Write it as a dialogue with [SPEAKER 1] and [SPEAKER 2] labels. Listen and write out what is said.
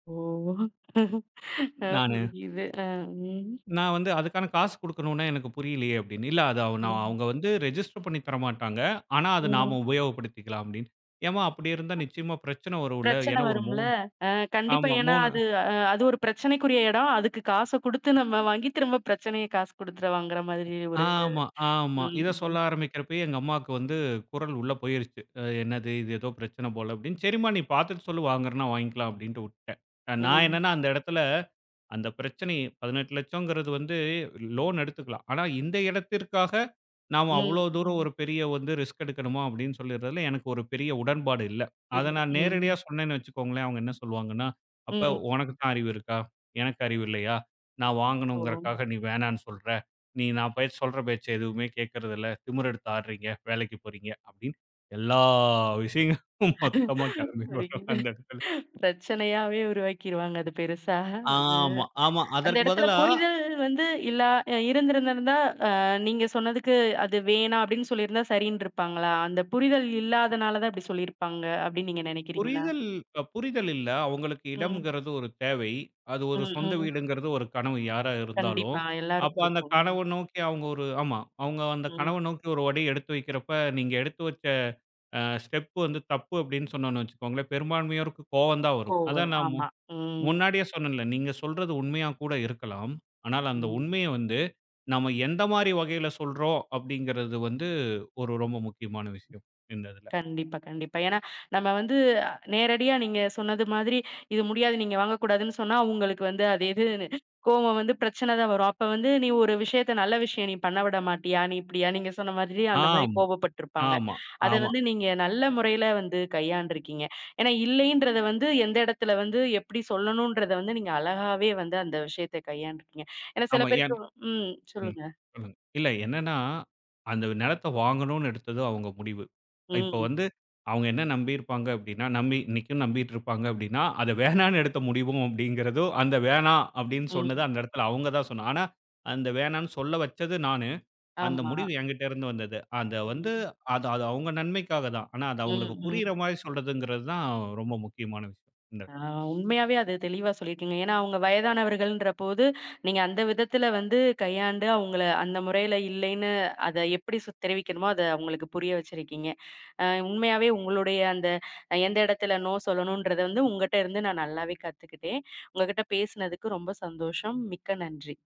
[SPEAKER 1] ஓ! ஆ.
[SPEAKER 2] நானு.
[SPEAKER 1] புரிஞ்சுது. ஆ, ம்.
[SPEAKER 2] நான் வந்து, அதுக்கான காசு குடுக்கணும்னு எனக்கு புரியலையே அப்டினேன், இல்ல, அது அ,
[SPEAKER 1] ம்.
[SPEAKER 2] அவங்க வந்து ரெஜிஸ்டர் பண்ணி தரமாட்டாங்க, ஆனா, அது நாம
[SPEAKER 1] ம்.
[SPEAKER 2] உபயோகப்படுத்திக்கலாம் அப்டின்னு. ஏம்மா, அப்டி இருந்தா நிச்சயமா பிரச்சனை வரும் இல்ல
[SPEAKER 1] பிரச்சனை
[SPEAKER 2] ஏன்னா ஒரு
[SPEAKER 1] வரும்ல,
[SPEAKER 2] 3.
[SPEAKER 1] ஆ. கண்டிப்பா.
[SPEAKER 2] ஆமா,
[SPEAKER 1] ஏன்னா
[SPEAKER 2] 3
[SPEAKER 1] அது அ அது ஒரு பிரச்சனைக்குரிய எடம், அதுக்கு காச குடுத்து நம்ம வாங்கி, திரும்ப பிரச்சனைய காசு குடுத்து வாங்குற மாதிரி ஒரு, இது.
[SPEAKER 2] ஆமா ஆமா.
[SPEAKER 1] ம்
[SPEAKER 2] இத சொல்ல
[SPEAKER 1] ம்.
[SPEAKER 2] ஆரம்பிக்கிறப்பயே எங்க அம்மாவுக்கு வந்து குரல் உள்ள போயிருச்சு. அ, என்னது இது ஏதோ பிரச்சனை போல அப்படின்னு, சரிம்மா நீ பார்த்துட்டு சொல்லு வாங்குறன்னா, வாங்கிக்கலாம் அப்டின்னு வுட்டேன். நான்
[SPEAKER 1] ம்.
[SPEAKER 2] என்னன்னா அந்த எடத்துல அந்த பிரச்சனை 18,00,000ங்கிறது வந்து லோன் எடுத்துக்கலாம். ஆனா, இந்த இடத்திற்காக நாம
[SPEAKER 1] ம்
[SPEAKER 2] அவ்வளோ தூரம்
[SPEAKER 1] ம்.
[SPEAKER 2] ஒரு பெரிய வந்து ரிஸ்க் எடுக்கணுமா அப்டின்னு சொல்லறதுல எனக்கு ஒரு பெரிய உடன்பாடு இல்ல. அத
[SPEAKER 1] இல்ல.
[SPEAKER 2] நான்
[SPEAKER 1] ம்.
[SPEAKER 2] நேரடியா சொன்னேன்னு வச்சுக்கோங்களேன், அவங்க என்ன சொல்லுவாங்கன்னா அப்ப
[SPEAKER 1] ம்.
[SPEAKER 2] உனக்குத்தான் அறிவு இருக்கா? எனக்கு அறிவு இல்லையா? நான்
[SPEAKER 1] ஓ!
[SPEAKER 2] வாங்கணுங்கிறக்காக நீ வேணான்னு சொல்ற, நீ நான் பேச்ச சொல்ற பேச்ச எதுவுமே கேக்குறது இல்ல, திமிர் எடுத்து ஆட்றீங்க, வேலைக்கு போறீங்க அப்டின்னு எல்லா விஷயங்களும் மொத்தமா கிளம்பி வரும்
[SPEAKER 1] வலிக்குது.
[SPEAKER 2] அந்த இடத்துல.
[SPEAKER 1] பிரச்சனையாவே உருவாக்கிறுவாங்க. ஆ, அது பெருசா
[SPEAKER 2] ஆமா ஆமா.
[SPEAKER 1] அந்த
[SPEAKER 2] அதற்குப்
[SPEAKER 1] எடத்துல
[SPEAKER 2] பதிலா
[SPEAKER 1] புரிதல் வந்து இல்லா ஆ இருந்திருந்திருந்தா, அ நீங்க சொன்னதுக்கு அது வேணாம் அப்டின்னு சொல்லிருந்தா சரின்டிருப்பாங்களா? அந்த புரிதல் இல்லாதனால தான் இப்படி சொல்லிருப்பாங்க அப்டின்னு நீங்க நெனைக்கிறீங்களா?
[SPEAKER 2] புரிதல் புரிதல் இல்ல. அவங்களுக்கு
[SPEAKER 1] ம்.
[SPEAKER 2] இடம்கிறது ஒரு தேவை. அது ஒரு
[SPEAKER 1] ம்
[SPEAKER 2] சொந்த
[SPEAKER 1] ம்.
[SPEAKER 2] வீடுங்கிறது ஒரு கனவு யாரா இருந்தாலும்.
[SPEAKER 1] கண்டிப்பா
[SPEAKER 2] அப்ப
[SPEAKER 1] எல்லாருக்கும்
[SPEAKER 2] அந்த
[SPEAKER 1] இருக்கும். ம்.
[SPEAKER 2] கனவு நோக்கி அவங்க ஒரு ஆமா, அவங்க அந்த
[SPEAKER 1] ம்.
[SPEAKER 2] கனவு நோக்கி ஒரு அடி எடுத்து வெக்கிறப்ப நீங்க எடுத்து வச்ச, அ, ஸ்டெப் வந்து தப்பு அப்டின்னு சொன்னோம்னு வச்சுக்கோங்களேன் பெரும்பான்மையோருக்கு கோவம் தான் வரும்.
[SPEAKER 1] கோவம்
[SPEAKER 2] அதான்
[SPEAKER 1] வரும்.
[SPEAKER 2] நான், முன்
[SPEAKER 1] ஆமா. ம்.
[SPEAKER 2] முன்னாடியே சொன்னேன்ல நீங்க சொல்றது உண்மையா கூட இருக்கலாம், ஆனால், அந்த
[SPEAKER 1] ம்.
[SPEAKER 2] உண்மைய வந்து நம்ம எந்த மாதிரி வகையில சொல்றோம் அப்டிங்கிறது வந்து ஒரு ரொம்ப முக்கியமான விஷயம். இந்த இதுல.
[SPEAKER 1] கண்டிப்பா கண்டிப்பா. ஏன்னா, நம்ம வந்து நேரடியா நீங்க சொன்னது மாதிரி, இது முடியாது நீங்க வாங்கக்கூடாதுன்னு சொன்னா உங்களுக்கு வந்து அது எது கோவம் வந்து பிரச்சனை தான் வரும். அப்ப வந்து நீ ஒரு விஷயத்த நல்ல விஷயம் நீ பண்ணவிடமாட்டியா, நீ இப்படியா? நீங்க சொன்ன மாதிரி அந்த மாதிரி
[SPEAKER 2] ஆமா
[SPEAKER 1] கோபப்பட்டு இருப்பாங்க.
[SPEAKER 2] ஆமா
[SPEAKER 1] அத
[SPEAKER 2] ஆமா.
[SPEAKER 1] வந்து நீங்க நல்ல முறையில வந்து கையாண்டு இருக்கீங்க. ஏன்னா, இல்லைன்றத வந்து எந்த எடத்துல வந்து, எப்படி சொல்லணும்ன்றத வந்து, நீங்க அழகாவே வந்து அந்த விஷயத்த கையாண்டு இருக்கீங்க. ஏன்னா சில
[SPEAKER 2] ஆமா. ஏன்?
[SPEAKER 1] பேருக்கு ம்.
[SPEAKER 2] ம்.
[SPEAKER 1] சொல்லுங்க.
[SPEAKER 2] சொல்லுங்க. இல்ல என்னன்னா, அந்த நிலத்த வாங்கணும்னு எடுத்ததோ அவங்க முடிவு. இப்ப
[SPEAKER 1] ம்.
[SPEAKER 2] வந்து அவங்க என்ன நம்பி இருப்பாங்க அப்டின்னா, நம்பி இன்னைக்கும் நம்பிட்டு இருப்பாங்க அப்டின்னா, அத வேணாம்னு எடுத்த முடிவும் அப்டிங்கிறது, அந்த வேணாம் அப்டின்னு சொன்னது
[SPEAKER 1] ம்.
[SPEAKER 2] அந்த எடத்துல அவங்க தான் சொன்னா, ஆனா அந்த வேணான்னு சொல்ல வச்சது நானு. அந்த
[SPEAKER 1] ஆமா.
[SPEAKER 2] முடிவு என்கிட்ட இருந்து வந்தது. அத வந்து,
[SPEAKER 1] ம்.
[SPEAKER 2] அது அது, அவங்க நன்மைக்காக தான். ஆனா, அது
[SPEAKER 1] ம்
[SPEAKER 2] அவங்களுக்கு புரியிற
[SPEAKER 1] ம்.
[SPEAKER 2] மாதிரி சொல்றதுங்கிறது தான் ரொம்ப முக்கியமான விஷயம். இந்த எடத்துல.
[SPEAKER 1] ஆ. உண்மையாவே அது தெளிவா சொல்லிருக்கீங்க, ஏன்னா, அவங்க வயதானவர்கள்ன்ற போது, நீங்க அந்த விதத்துல வந்து கையாண்டு அவங்கள அந்த முறையில இல்லைன்னு அத எப்டி, சொ தெரிவிக்கணுமோ அத அவங்களுக்கு புரிய வச்சிருக்கீங்க. ஆ, உண்மையாவே உங்களுடைய அந்த, எந்த இடத்துல நோ சொல்லணும்ன்றத வந்து, உங்ககிட்ட இருந்து நான் நல்லாவே கத்துக்கிட்டேன். உங்ககிட்ட பேசுனதுக்கு ரொம்ப சந்தோஷம், மிக்க நன்றி!